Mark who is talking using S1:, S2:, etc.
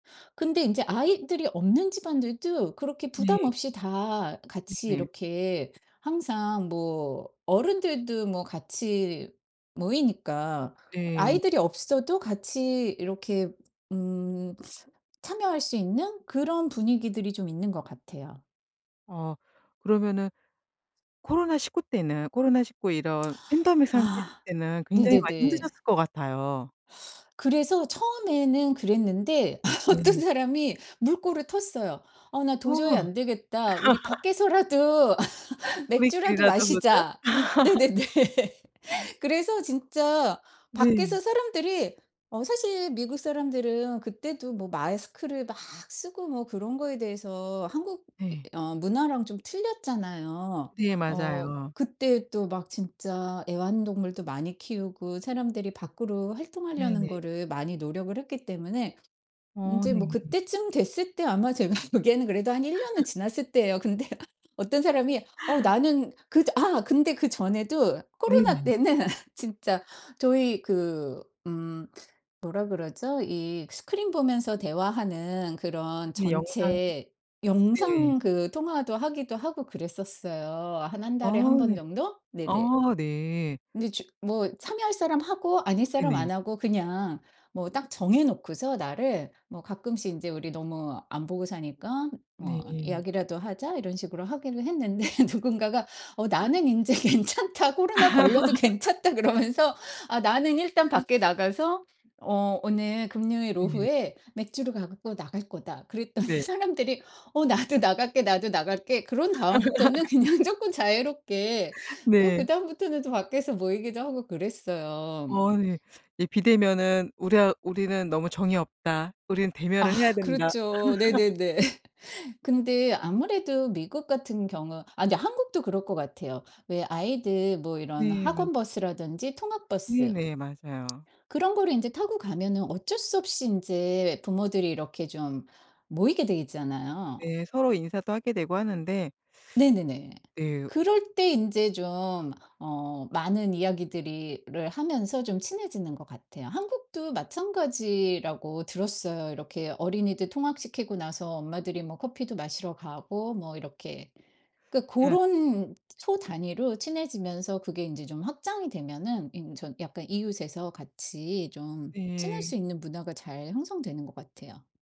S1: 근데 인제 아이들이 없는 집안들도 그렇게
S2: 네.
S1: 부담없이 다 같이
S2: 네.
S1: 이렇게 항상 뭐 어른들도 뭐 같이 모이니까
S2: 네.
S1: 아이들이 없어도 같이 이렇게 음 참여할 수 있는 그런 분위기들이 좀 있는 것 같아요.
S2: 어 그러면은 코로나 19 때는 코로나 19 이런 팬데믹 상태일
S1: 아
S2: 때는 굉장히 많이
S1: 네네네.
S2: 힘드셨을 것 같아요.
S1: 그래서 처음에는 그랬는데 어떤
S2: 네네.
S1: 사람이 물꼬를 텄어요. "어 나 도저히
S2: 어.
S1: 안 되겠다. 우리 밖에서라도 맥주라도
S2: "우리끼리라도 보자?"
S1: 마시자." 네네네. 그래서 진짜 밖에서
S2: 네.
S1: 사람들이 어 사실 미국사람들은 그 때도 뭐 마스크를 막 쓰고 뭐 그런 거에 대해서 한국 이
S2: 네.
S1: 어 문화랑 좀 틀렸잖아요.
S2: 네,
S1: 어
S2: 맞아요.
S1: 그때도 막 진짜 애완동물도 많이 키우고 사람들이 밖으로 활동하려는
S2: 네네.
S1: 거를 많이 노력을 했기 때문에
S2: 어
S1: 이제 뭐
S2: 네.
S1: 그때쯤 됐을 때 아마 제가 보기에는 그래도 한 1 년은 지났을 때예요. 근데 어떤 사람이 어 "나는 그 전." 아 근데 그 전에도 코로나
S2: 네네.
S1: 때는 진짜 저희 그 음 뭐라 그러죠? 이 스크린 보면서 대화하는 그런
S2: 그 영상
S1: 전체
S2: 네.
S1: 영상 그 통화도 하기도 하고 그랬었어요. 한 1 달에 1
S2: 아
S1: 번
S2: 네.
S1: 정도? 네네.
S2: 아 네.
S1: 근데 주 뭐 참여할 사람 하고 아닐 사람
S2: 네네.
S1: 안 하고 그냥 뭐 딱 정해 놓고서 날을 뭐 가끔씩 인제 "우리 너무 안 보고 사니까 뭐
S2: 네.
S1: 이야기라도 하자." 이런 식으로 하기로 했는데 누군가가 어 "나는 인제 괜찮다. 코로나 걸려도 괜찮다." 그러면서. "아 나는 일단 밖에 나가서 어 오늘 금요일
S2: 네.
S1: 오후에 맥주를 갖고 나갈 거다." 그랬더니
S2: 네.
S1: 사람들이 "어 나도 나갈게, 나도 나갈게." 그런 다음부터는 그냥 쪼끔 자유롭게 또
S2: 네.
S1: 그다음부터는 또 밖에서 모이기도 하고 그랬어요.
S2: 어 예. "이 비대면은 우리하 우리는 너무 정이 없다. 우리는
S1: 아
S2: 대면을 해야 된다."
S1: 그렇죠. 네네네. 근데 아무래도 미국 같은 경우 아 근데 한국도 그럴 것 같아요. 왜 아이들 뭐 이런
S2: 네, 맞
S1: 학원 버스라든지 통학버스
S2: 네네, 맞아요.
S1: 그런 거를 인제 타고 가면은 어쩔 수 없이 인제 부모들이 이렇게 좀 모이게 돼 있잖아요.
S2: 네, 서로 인사도 하게 되고 하는데
S1: 네네네.
S2: 예.
S1: 그럴 때 인제 좀 어 많은 이야기들이 를 하면서 좀 친해지는 것 같아요. 한국도 마찬가지라고 들었어요. 이렇게 어린이들 통학시키고 나서 엄마들이 뭐 커피도 마시러 가고 뭐 이렇게. 그러니까
S2: 예.
S1: 고런 소단위로 친해지면서 그게 인제 좀 확장이 되면은 인 저 약간 이웃에서 같이 좀 친할
S2: 네.
S1: 수 있는 문화가 잘 형성되는 것 같아요.